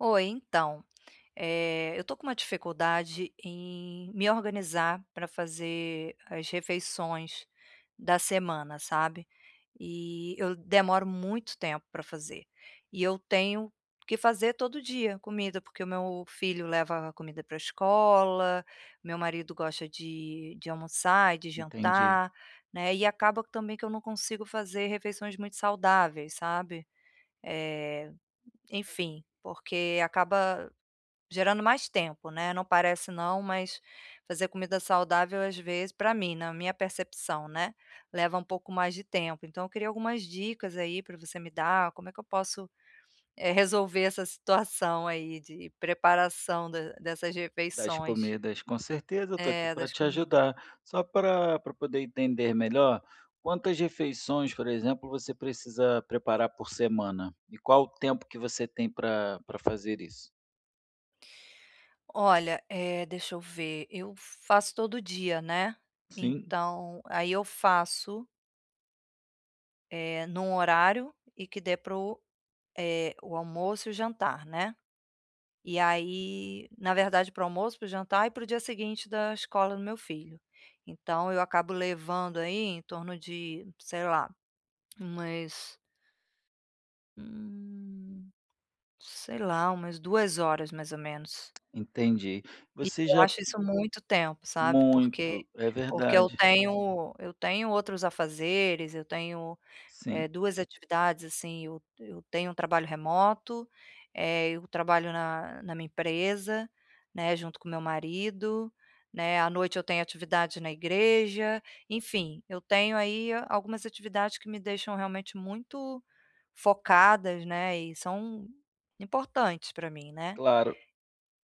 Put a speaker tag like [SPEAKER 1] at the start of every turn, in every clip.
[SPEAKER 1] Oi, então, eh, eu tô com uma dificuldade em me organizar pra fazer as refeições da semana, sabe, e eu demoro muito tempo pra fazer, e eu tenho que fazer todo dia comida, porque o meu filho leva comida pra escola, meu marido gosta de de almoçar e de
[SPEAKER 2] Entendi.
[SPEAKER 1] jantar, né, e acaba que também que eu não consigo fazer refeições muito saudáveis, sabe, eh, enfim, porque acaba gerando mais tempo, né. Não parece não, mas fazer comida saudável, às vezes, pra mim, na minha percepção, né, leva um pouco mais de tempo. Então, eu queria algumas dicas aí pra você me dar, como é que eu posso, eh, resolver essa situação aí de preparação da dessas
[SPEAKER 2] Das
[SPEAKER 1] refeições.
[SPEAKER 2] comidas. Com certeza, eu tô aqui
[SPEAKER 1] É,
[SPEAKER 2] pra
[SPEAKER 1] das
[SPEAKER 2] te
[SPEAKER 1] comidas.
[SPEAKER 2] ajudar. Só pra pra poder entender melhor, quantas refeições, por exemplo, você precisa preparar por semana, e qual o tempo que você tem pra pra fazer isso?
[SPEAKER 1] Olha, eh, deixa eu ver, eu faço todo dia, né,
[SPEAKER 2] Sim.
[SPEAKER 1] então, aí eu faço eh, em um horário e que dê para o, eh, o almoço e o jantar, né. E aí na verdade, para o almoço, para o jantar e para o dia seguinte da escola do meu filho. Então eu acabo levando aí em torno de, sei lá, umas hum, sei lá, umas 2 horas, mais ou menos.
[SPEAKER 2] Entendi,
[SPEAKER 1] E
[SPEAKER 2] você
[SPEAKER 1] eu
[SPEAKER 2] já
[SPEAKER 1] acho isso muito tempo sabe porque,
[SPEAKER 2] Muito, é
[SPEAKER 1] porque eu
[SPEAKER 2] verdade.
[SPEAKER 1] tenho eu tenho outros afazeres, eu tenho,
[SPEAKER 2] Sim.
[SPEAKER 1] eh, 2 atividades assim, eu eu tenho um trabalho remoto, eh, eu trabalho na na minha empresa, né, junto com o meu marido, né, à noite eu tenho atividades na igreja, enfim, eu tenho aí, algumas atividades que me deixam realmente muito focadas, né, e são importantes para mim, né.
[SPEAKER 2] Claro.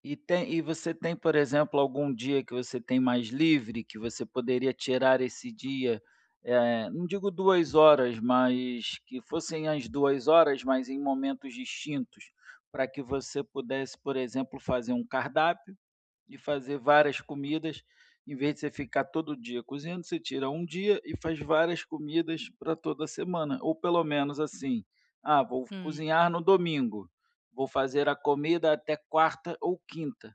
[SPEAKER 2] E tem e você tem, por exemplo, algum dia que você tem mais livre, que você poderia tirar esse dia, eh, não digo 2 horas, mas que fossem as 2 horas, mas em momentos distintos, para que você pudesse, por exemplo, fazer um cardápio, e fazer várias comidas, em vez de você ficar todo dia cozinhando, você tira um dia e faz várias comidas para toda semana, ou pelo menos assim: "Ah, vou
[SPEAKER 1] Hum.
[SPEAKER 2] cozinhar no domingo, vou fazer a comida até quarta ou quinta",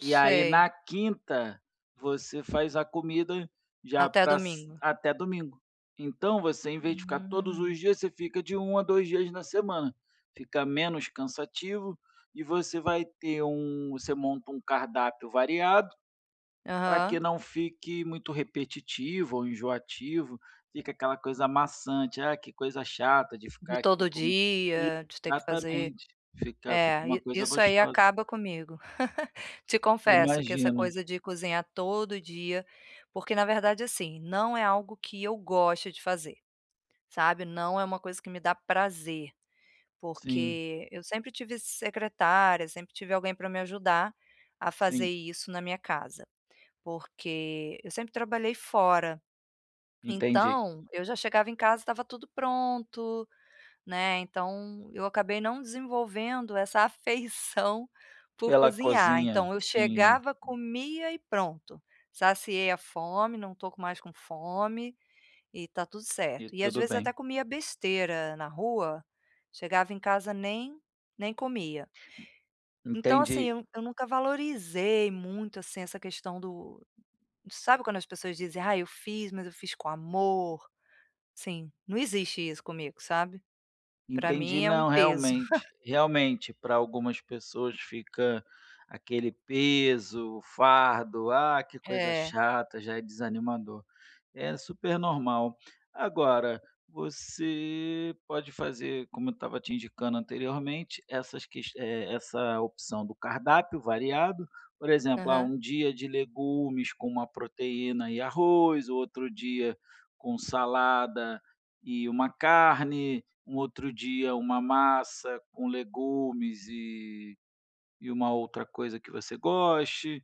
[SPEAKER 2] e aí na quinta, você faz a comida já
[SPEAKER 1] Até
[SPEAKER 2] pra s
[SPEAKER 1] domingo.
[SPEAKER 2] até domingo. Então você, em vez de ficar todos
[SPEAKER 1] Hum.
[SPEAKER 2] os dias, você fica de 1 a 2 dias na semana, fica menos cansativo e você vai ter um você monta um cardápio variado, para que
[SPEAKER 1] Aham.
[SPEAKER 2] não fique muito repetitivo ou enjoativo, fica aquela coisa maçante: "Ah, que coisa chata de
[SPEAKER 1] "De
[SPEAKER 2] ficar aqui
[SPEAKER 1] todo
[SPEAKER 2] como",
[SPEAKER 1] dia, de ter que fazer".
[SPEAKER 2] exatamente, fica fica
[SPEAKER 1] É,
[SPEAKER 2] uma
[SPEAKER 1] e
[SPEAKER 2] coisa
[SPEAKER 1] isso aí
[SPEAKER 2] gostosa.
[SPEAKER 1] acaba comigo Te confesso, que essa
[SPEAKER 2] Imagino.
[SPEAKER 1] coisa de cozinhar todo dia, porque, na verdade, assim, não é algo que eu gosto de fazer, sabe, não é uma coisa que me dá prazer.
[SPEAKER 2] Sim.
[SPEAKER 1] Porque eu sempre tive secretária, sempre tive alguém para me ajudar a fazer
[SPEAKER 2] Sim.
[SPEAKER 1] isso na minha casa, porque eu sempre trabalhei fora.
[SPEAKER 2] Entendi.
[SPEAKER 1] Então eu já chegava em casa estava tudo pronto, né, então eu acabei não desenvolvendo essa afeição por
[SPEAKER 2] Pela
[SPEAKER 1] cozinhar.
[SPEAKER 2] cozinha,
[SPEAKER 1] Então eu
[SPEAKER 2] sim,
[SPEAKER 1] chegava
[SPEAKER 2] sim.
[SPEAKER 1] comia e pronto, saciei a fome, não estou com mais com fome, e está tudo
[SPEAKER 2] E
[SPEAKER 1] certo. E às
[SPEAKER 2] tudo
[SPEAKER 1] vezes até
[SPEAKER 2] bem.
[SPEAKER 1] comia besteira na rua, chegava em casa nem nem comia. Então assim,
[SPEAKER 2] Entendi.
[SPEAKER 1] eu eu nunca valorizei muito assim essa questão do sabe quando as pessoas dizem: "Ai, eu fiz, mas eu fiz com amor", assim, não existe isso comigo, sabe? Para
[SPEAKER 2] Entendi,
[SPEAKER 1] mim é um
[SPEAKER 2] não,
[SPEAKER 1] peso.
[SPEAKER 2] realmente. Realmente, para algumas pessoas fica aquele peso, o fardo: "Ah que coisa
[SPEAKER 1] É.
[SPEAKER 2] chata", já é desanimador. É super normal. Agora, você pode fazer, como eu estava te indicando anteriormente, essas ques essa opção do cardápio variado, por exemplo, ah,
[SPEAKER 1] Aham.
[SPEAKER 2] um dia de legumes com uma proteína e arroz, outro dia com salada e uma carne, um outro dia uma massa com legumes e e uma outra coisa que você goste,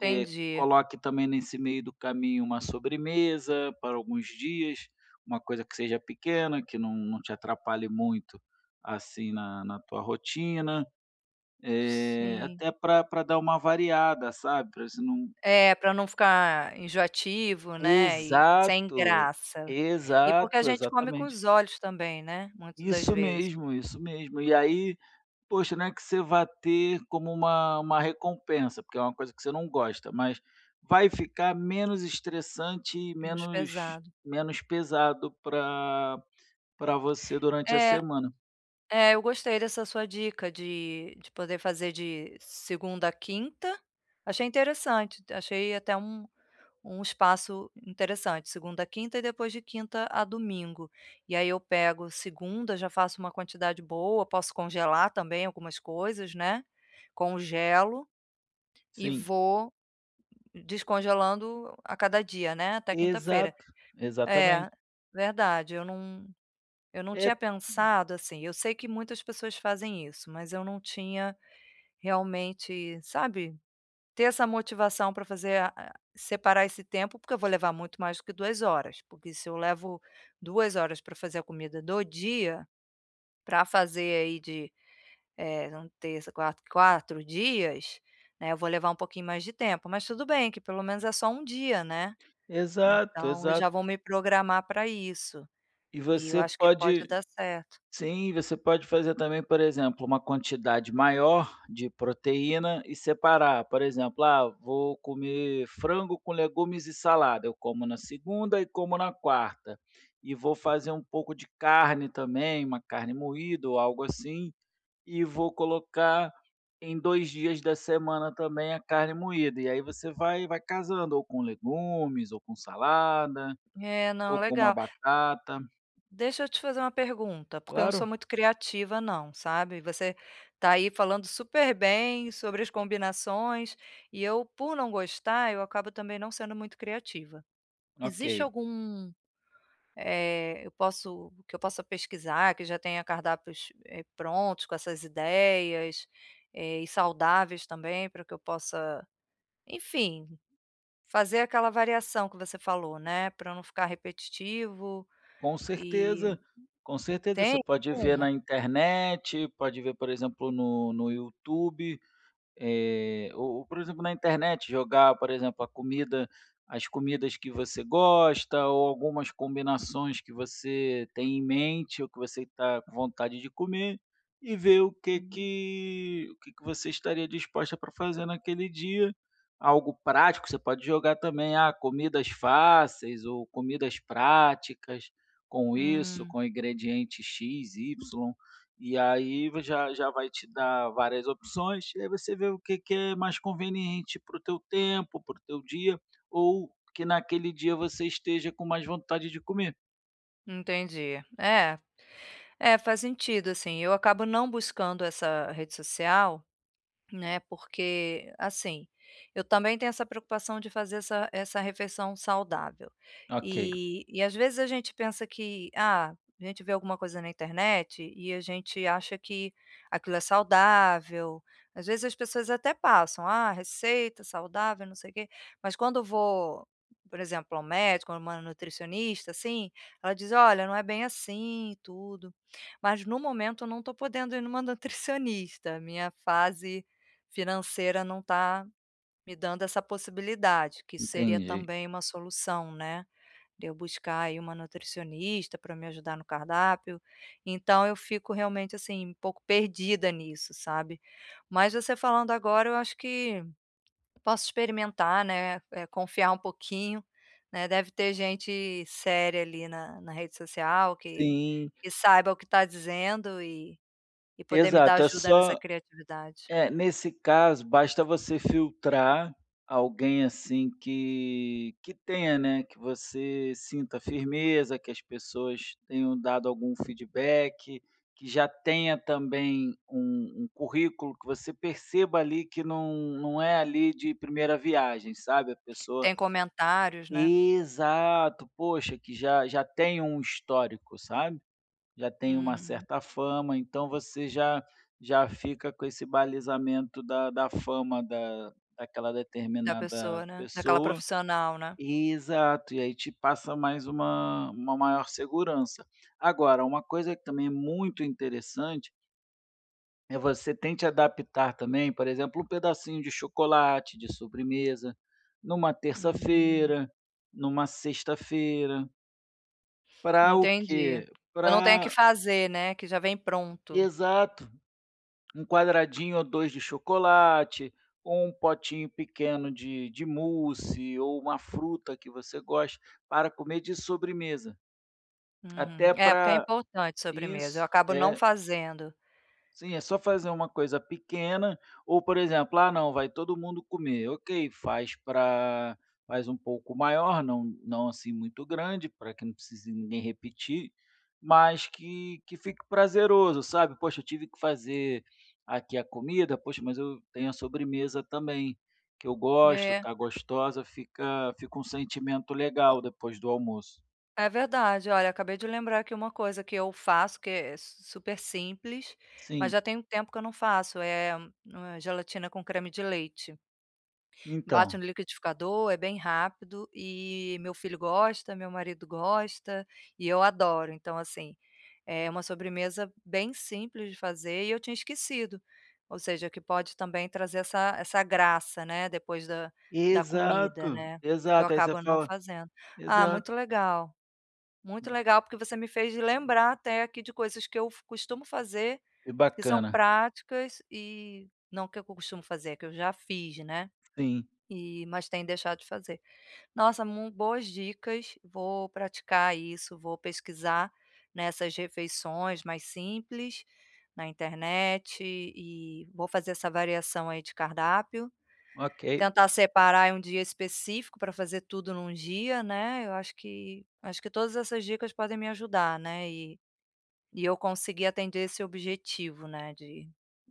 [SPEAKER 2] eh, coloque também nesse meio do caminho uma sobremesa para alguns dias, uma coisa que seja pequena, que não não te atrapalhe muito assim na na tua rotina, eh,
[SPEAKER 1] Sim.
[SPEAKER 2] até pra pra dar uma variada, sabe, para você não
[SPEAKER 1] É, para não ficar enjoativo, né, e sem
[SPEAKER 2] Exato,
[SPEAKER 1] graça. E porque a
[SPEAKER 2] exato,
[SPEAKER 1] gente come com
[SPEAKER 2] exatamente.
[SPEAKER 1] os olhos também, né, muitas das
[SPEAKER 2] Isso
[SPEAKER 1] vezes.
[SPEAKER 2] mesmo, isso mesmo. E aí, poxa, né que você vá ter como uma uma recompensa, porque é uma coisa que você não gosta, mas vai ficar menos estressante e
[SPEAKER 1] Menos
[SPEAKER 2] menos
[SPEAKER 1] pesado.
[SPEAKER 2] menos pesado para para você durante a
[SPEAKER 1] É,
[SPEAKER 2] semana.
[SPEAKER 1] é eu gostei dessa sua dica de de poder fazer de segunda à quinta, achei interessante, achei até um um espaço interessante, segunda à quinta e depois de quinta a domingo, e aí eu pego segunda, já faço uma quantidade boa, posso congelar também algumas coisas, né, congelo, e
[SPEAKER 2] Sim.
[SPEAKER 1] vou descongelando a cada dia, né, até quinta-feira.
[SPEAKER 2] Exato,
[SPEAKER 1] É,
[SPEAKER 2] exatamente.
[SPEAKER 1] verdade eu não eu não
[SPEAKER 2] É,
[SPEAKER 1] tinha
[SPEAKER 2] p
[SPEAKER 1] pensado assim, eu sei que muitas pessoas fazem isso, mas eu não tinha realmente, sabe, ter essa motivação para fazer, a separar esse tempo, porque eu vou levar muito mais do que 2 horas, porque se eu levo 2 horas para fazer a comida do dia, para fazer aí de, eh, terça, quarta, 4 dias, né, eu vou levar um pouquinho mais de tempo, mas tudo bem que pelo menos é só um dia, né.
[SPEAKER 2] Exato,
[SPEAKER 1] Então eu já
[SPEAKER 2] exato.
[SPEAKER 1] vou me programar para isso,
[SPEAKER 2] E
[SPEAKER 1] e eu
[SPEAKER 2] você
[SPEAKER 1] acho que pode
[SPEAKER 2] pode
[SPEAKER 1] dar certo.
[SPEAKER 2] Sim, você pode fazer também, por exemplo, uma quantidade maior de proteína e separar, por exemplo: "Ah, vou comer frango com legumes e salada, eu como na segunda e como na quarta. E vou fazer um pouco de carne também, uma carne moída ou algo assim, e vou colocar em 2 dias da semana também a carne moída", e aí você vai vai casando ou com legumes ou com salada,
[SPEAKER 1] É não,
[SPEAKER 2] ou com uma
[SPEAKER 1] legal
[SPEAKER 2] batata.
[SPEAKER 1] Deixa eu te fazer uma pergunta, porque eu não sou
[SPEAKER 2] Claro.
[SPEAKER 1] muito criativa não, sabe. Você está aí falando super bem sobre as combinações, e eu, por não gostar, eu acabo também não sendo muito criativa. Existe
[SPEAKER 2] Ok.
[SPEAKER 1] algum, eh, eu posso que eu possa pesquisar, que já tenha cardápios prontos com essas ideias, eh, e saudáveis também para que eu possa, enfim, fazer aquela variação que você falou, né, para eu não ficar repetitivo,
[SPEAKER 2] Com
[SPEAKER 1] eh,
[SPEAKER 2] certeza, com certeza. Você
[SPEAKER 1] tem
[SPEAKER 2] pode ver
[SPEAKER 1] alguma?
[SPEAKER 2] na internet, pode ver, por exemplo, no no YouTube, eh, ou ou, por exemplo, na internet, jogar, por exemplo, a comida as comidas que você gosta ou algumas combinações que você tem em mente ou que você está com vontade de comer, e ver o que
[SPEAKER 1] Hum.
[SPEAKER 2] que o que que você estaria disposta para fazer naquele dia, algo prático, você pode jogar também: "Ah, comidas fáceis ou comidas práticas, com isso,
[SPEAKER 1] Hum.
[SPEAKER 2] com ingredientes x, y". E aí já já vai te dar várias opções, e aí você vê o que que é mais conveniente para o teu tempo, para o teu dia, ou que naquele dia você esteja com mais vontade de comer.
[SPEAKER 1] Entendi. É. É, faz sentido, assim, eu acabo não buscando essa rede social, né, porque, assim, eu também tenho essa preocupação de fazer essa essa refeição saudável
[SPEAKER 2] Ok.
[SPEAKER 1] e e às vezes a gente pensa que, ah, a gente vê alguma coisa na internet e a gente acha que aquilo é saudável. Às vezes as pessoas até passam, "Ah, receita saudável, não sei quê", mas quando vou, por exemplo, ao médico ou uma nutricionista, assim, ela diz: "Olha, não é bem assim e tudo". Mas, no momento, eu não tô podendo ir numa nutricionista, a minha fase financeira não tá me dando essa possibilidade, que isso seria
[SPEAKER 2] Entendi.
[SPEAKER 1] também uma solução, né, de eu buscar aí uma nutricionista pra me ajudar no cardápio. Então, eu fico realmente, assim, um pouco perdida nisso, sabe, mas você falando agora eu acho que posso experimentar, né, eh, confiar um pouquinho, né, deve ter gente séria ali, na na rede social que
[SPEAKER 2] Sim.
[SPEAKER 1] que saiba o que tá dizendo e e poder me dar
[SPEAKER 2] Exato, é
[SPEAKER 1] ajuda nessa
[SPEAKER 2] só
[SPEAKER 1] criatividade.
[SPEAKER 2] eh, nesse caso, basta você filtrar alguém assim que que tenha, né, que você sinta firmeza, que as pessoas tenham dado algum feedback, que já tenha também um um currículo que você perceba ali, que não não é ali de primeira viagem, sabe, a pessoa
[SPEAKER 1] Tem comentários, né?
[SPEAKER 2] Exato! Puxa, que já já tem um histórico, sabe, já tem uma
[SPEAKER 1] Uhum.
[SPEAKER 2] certa fama, então, você já já fica com esse balizamento da da fama da daquela
[SPEAKER 1] Da
[SPEAKER 2] determinada
[SPEAKER 1] pessoa, né, daquela
[SPEAKER 2] pessoa,
[SPEAKER 1] profissional, né?
[SPEAKER 2] Exato, e aí te passa mais uma uma maior segurança. Agora, uma coisa que também é muito interessante É, você tente adaptar também, por exemplo, um pedacinho de chocolate, de sobremesa, numa
[SPEAKER 1] Hum.
[SPEAKER 2] terça-feira, numa sexta-feira. Pra o
[SPEAKER 1] Entendi,
[SPEAKER 2] quê?
[SPEAKER 1] que eu não tenha que
[SPEAKER 2] Pra
[SPEAKER 1] fazer, né, que já vem pronto.
[SPEAKER 2] Exato. 1 quadradinho ou 2 de chocolate, ou um potinho pequeno de de mousse, ou uma fruta que você goste, para comer de sobremesa.
[SPEAKER 1] Uhum.
[SPEAKER 2] Até
[SPEAKER 1] É porque é
[SPEAKER 2] pra
[SPEAKER 1] importante sobremesa. Eu
[SPEAKER 2] isso.
[SPEAKER 1] acabo não
[SPEAKER 2] É.
[SPEAKER 1] fazendo.
[SPEAKER 2] Sim, é só fazer uma coisa pequena, ou, por exemplo, ah, não, vai todo mundo comer, ok, faz pra faz um pouco maior, não não assim muito grande pra que não precise ninguém repetir, mas que que fique prazeroso, sabe. “Poxa, tive que fazer aqui a comida, poxa, mas eu tenho a sobremesa também, que eu gosto,
[SPEAKER 1] É.
[SPEAKER 2] tá gostosa”. Fica fica um sentimento
[SPEAKER 1] O
[SPEAKER 2] legal, depois do almoço.
[SPEAKER 1] É verdade, olha acabei de lembrar aqui uma coisa que eu faço que é s super simples, mas
[SPEAKER 2] Sim.
[SPEAKER 1] já tem um tempo que eu não faço, eh, hum, é gelatina com creme de leite. Bate
[SPEAKER 2] Então
[SPEAKER 1] no liquidificador, é bem rápido e meu filho gosta, meu marido gosta, e eu adoro. Então assim, é uma sobremesa bem simples de fazer e eu tinha esquecido. Ou seja, que pode também trazer essa essa graça, né, depois da da comida,
[SPEAKER 2] Exato.
[SPEAKER 1] né, que eu
[SPEAKER 2] Exato. Aí você
[SPEAKER 1] acabo não
[SPEAKER 2] fala
[SPEAKER 1] fazendo. Ah,
[SPEAKER 2] Exato.
[SPEAKER 1] muito legal. Muito
[SPEAKER 2] Hum.
[SPEAKER 1] legal porque você me fez lembrar até aqui de coisas que eu f costumo fazer,
[SPEAKER 2] Que
[SPEAKER 1] que são
[SPEAKER 2] bacana.
[SPEAKER 1] práticas e não que eu costumo fazer, é que eu já fiz, né,
[SPEAKER 2] Sim.
[SPEAKER 1] eh, mas tenho deixado de fazer. Nossa, m boas dicas, vou praticar isso, vou pesquisar nessas refeições mais simples na internet e vou fazer essa variação aí de cardápio.
[SPEAKER 2] Ok.
[SPEAKER 1] Tentar separar um dia específico pra fazer tudo num dia, né. Eu acho que acho que todas essas dicas podem me ajudar, né, e e eu conseguir atender esse objetivo, né, de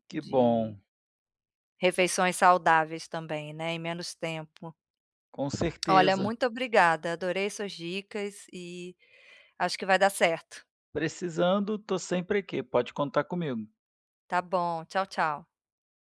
[SPEAKER 2] Que
[SPEAKER 1] de
[SPEAKER 2] bom.
[SPEAKER 1] refeições saudáveis também, né, em menos tempo.
[SPEAKER 2] Com
[SPEAKER 1] Olha,
[SPEAKER 2] certeza.
[SPEAKER 1] muito obrigada. Adorei suas dicas e acho que vai dar certo.
[SPEAKER 2] Precisando, tô sempre aqui. Pode contar comigo.
[SPEAKER 1] Tá bom. Tchau, tchau.